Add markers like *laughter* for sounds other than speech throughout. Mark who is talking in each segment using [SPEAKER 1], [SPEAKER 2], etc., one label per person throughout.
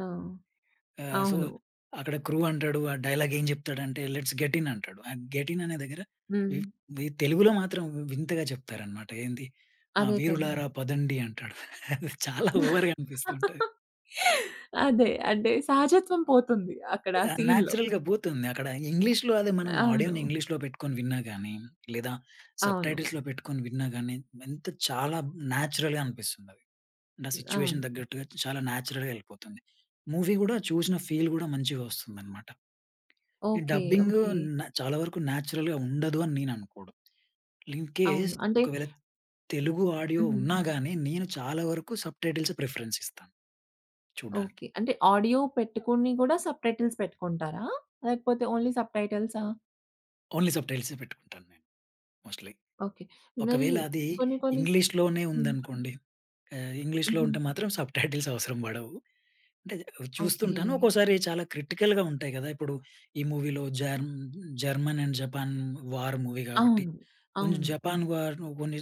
[SPEAKER 1] ఆ!
[SPEAKER 2] ఆహ్, సో
[SPEAKER 1] అవును.
[SPEAKER 2] అక్కడ క్రూ అంటాడు. ఆ డైలాగ్ ఏం జెప్తాడంటే "లెట్స్ గెట్ ఇన్" అంటాడు. గెట్ ఇన్ అనే దగ్గర వి
[SPEAKER 1] హ్మ్.
[SPEAKER 2] వి తెలుగులో మాత్రం వింతగా చెప్తారనమాట. ఏంది ఆ
[SPEAKER 1] అదే కదా!
[SPEAKER 2] వీరులారా పదండి అంటాడు. అది చాలా ఓవర్‌గా అనిపిస్తుంటది.
[SPEAKER 1] *chuckles* అదే అంటే సహజత్వం పోతుంది అక్కడ ఆ
[SPEAKER 2] ఆహ్,
[SPEAKER 1] సీన్‌లో.
[SPEAKER 2] న్యాచురల్‌గా బూతుంది అక్కడ ఇంగ్లీష్‌లొ అదే మనం ఆడియోని
[SPEAKER 1] అవును.
[SPEAKER 2] ఇంగ్లీష్‌‌లొ పెట్టుకొని విన్నా గానీ, లేదా
[SPEAKER 1] అవును.
[SPEAKER 2] సబ్‌టైటిల్స్‌లొ పెట్టుకొని విన్నా గానీ ఎంత చాలా నేచురల్‌గా అనిపిస్తుందది. నా
[SPEAKER 1] హ్మ్,
[SPEAKER 2] సిట్యుయేషన్
[SPEAKER 1] అవును.
[SPEAKER 2] తగ్గట్టుగా చాలా నేచురల్‌గా యెళ్ళిపోతుంది. మూవీ గూడా చూసిన ఫీల్ గూడా మంచిగా వస్తుందనమాట. ఈ
[SPEAKER 1] ఓకే.
[SPEAKER 2] Dubbing
[SPEAKER 1] okay.
[SPEAKER 2] న్ చాలా వరకు నేచురల్‌గా ఉండదు అని నేను అనుకోడం. ఇన్ కేస్
[SPEAKER 1] అవును అంటే
[SPEAKER 2] ఒకవేళ తెలుగు ఆడియో
[SPEAKER 1] హుహు.
[SPEAKER 2] ఉన్నా గాని, నేను చాలా వరకు సబ్‌టైటిల్సే ప్రిఫరెన్స్ ఇస్తాను చూడ్డానికి.
[SPEAKER 1] ఓకే. అంటే ఆడియో పెట్టుకుని గూడా సబ్‌టైటిల్స్ పెట్టుకుంటారా? లేకపోతే ఓన్లీ సబ్‌టైటిల్సా?
[SPEAKER 2] ఓన్లీ సబ్‌టైటిల్సే పెట్టుకుంటాను నేను. మోస్ట్‌లీ.
[SPEAKER 1] ఓకే. మరి
[SPEAKER 2] ఒకవేళ అది
[SPEAKER 1] కొన్ని కొన్ని సి
[SPEAKER 2] ఇంగ్లీష్‌లోనే
[SPEAKER 1] హ్మ్.
[SPEAKER 2] ఉందనుకోండి. ఆహ్, ఇంగ్లీష్‌లొ
[SPEAKER 1] హుహు.
[SPEAKER 2] ఉంటే మాత్రం సబ్‌టైటిల్స్ అవసరం బడవు. అంటే అది చూస్తుంటాను
[SPEAKER 1] ఓకే.
[SPEAKER 2] ఒక్కోసారి చాలా క్రిటికల్‌గా ఉంటాయి కదా! ఇప్పుడు ఈ మూవీలో జర్మ్ German and Japan war movie కాబట్టి
[SPEAKER 1] అవును.
[SPEAKER 2] కొంచెం
[SPEAKER 1] అవును.
[SPEAKER 2] జపాన్ వార్ కొన్ని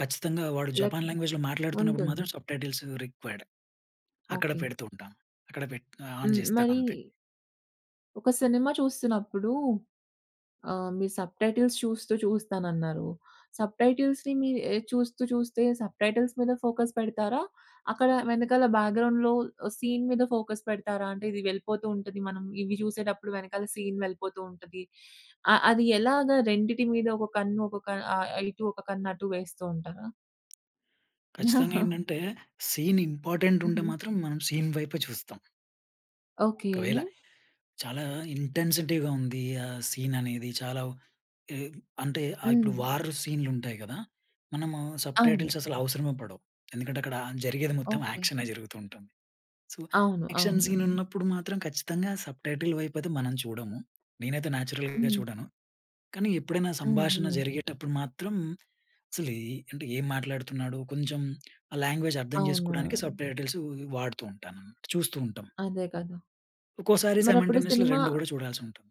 [SPEAKER 2] ఖచ్చితంగా వాడు
[SPEAKER 1] లెక్
[SPEAKER 2] జపాన్ లాంగ్వేజ్‌లొ మాట్లాడుతున్నప్పుడు
[SPEAKER 1] ఉంటుంది.
[SPEAKER 2] మాత్రం సబ్‌టైటిల్స్ రిక్వైర్డ్. అక్కడ
[SPEAKER 1] ఓకే.
[SPEAKER 2] పెడుతూ ఉంటాను. అక్కడ పెట్ ఆహ్, ఆన్
[SPEAKER 1] హ్మ్. మరీ
[SPEAKER 2] జెస్తానంతే.
[SPEAKER 1] ఒక సినిమా చూస్తున్నప్పుడు ఆహ్, మీరు సబ్‌టైటిల్స్ చూస్తూ చూస్తానన్నారు. సబ్‌టైటిల్స్‌ని మీరు చూస్తూ చూస్తే సబ్‌టైటిల్స్ మీద ఫోకస్ పెడతారా? అక్కడ వెనకాల బ్యాక్‌గ్రౌండ్‌లో సీన్ మీద ఫోకస్ పెడతారా? అంటే ఇది వెళ్ళిపోతూ ఉంటది మనం ఇవి చూసేటప్పుడు వెనకాల సీన్ వెళ్ళిపోతూ ఉంటది. ఆహ్, అది ఎలాగా రెండిటి మీద ఒక కన్ను ఒక క ఆహ్, ఒక ఇటు, ఒక కన్ను అటు వేస్తూ ఉంటారా?
[SPEAKER 2] ఖచ్చితంగా
[SPEAKER 1] *chuckles*
[SPEAKER 2] ఏంటంటే సీన్ ఇంపార్టెంట్ ఉంటే
[SPEAKER 1] హుహు.
[SPEAKER 2] మాత్రం మనం సీన్ వైపే చూస్తాం.
[SPEAKER 1] ఓకే.
[SPEAKER 2] ఒకవేళ చాలా ఇంటెన్సిటీ‌గా ఉంది ఆ సీన్ అనేది చాలా ఉ అంటే ఆహ్,
[SPEAKER 1] హ్మ్.
[SPEAKER 2] ఇప్పుడు వార్ సీన్‌లుంటాయి గదా! మనము
[SPEAKER 1] అవును.
[SPEAKER 2] సబ్‌టైటిల్స్ అసలు అవసరమే పడవు. ఎందుకంటే అక్కడ జరిగేది మొత్తం
[SPEAKER 1] ఓకే.
[SPEAKER 2] యాక్షనే జరుగుతూ ఉంటుంది. సో
[SPEAKER 1] అవును.
[SPEAKER 2] యాక్షన్
[SPEAKER 1] అవును.
[SPEAKER 2] సీన్ ఉన్నప్పుడు మాత్రం ఖచ్చితంగా సబ్‌టైటిల్ వైపు అయితే మనం చూడము. నేనైతే నేచురల్‌గా
[SPEAKER 1] హ్మ్.
[SPEAKER 2] చూడను. కానీ ఎప్పుడైనా సంభాషణ
[SPEAKER 1] హుహు.
[SPEAKER 2] జరిగేటప్పుడు మాత్రం అసలేం ఎ అంటే ఏం అంటే ఏం మాట్లాడుతున్నాడు? కొంచెం ఆ లాంగ్వేజ్ అర్థం జేసుకోవడానికి
[SPEAKER 1] అవును.
[SPEAKER 2] సబ్‌టైటిల్స్ వాడుతూ ఉంటాను, చూస్తూ ఉంటాం.
[SPEAKER 1] అదే కదా!
[SPEAKER 2] ఒక్కోసారి
[SPEAKER 1] మరప్పుడు
[SPEAKER 2] సైమన్‌టేనియస్‌లీ
[SPEAKER 1] సినిమా
[SPEAKER 2] రెండు గూడా చూడాల్సుంటుంది.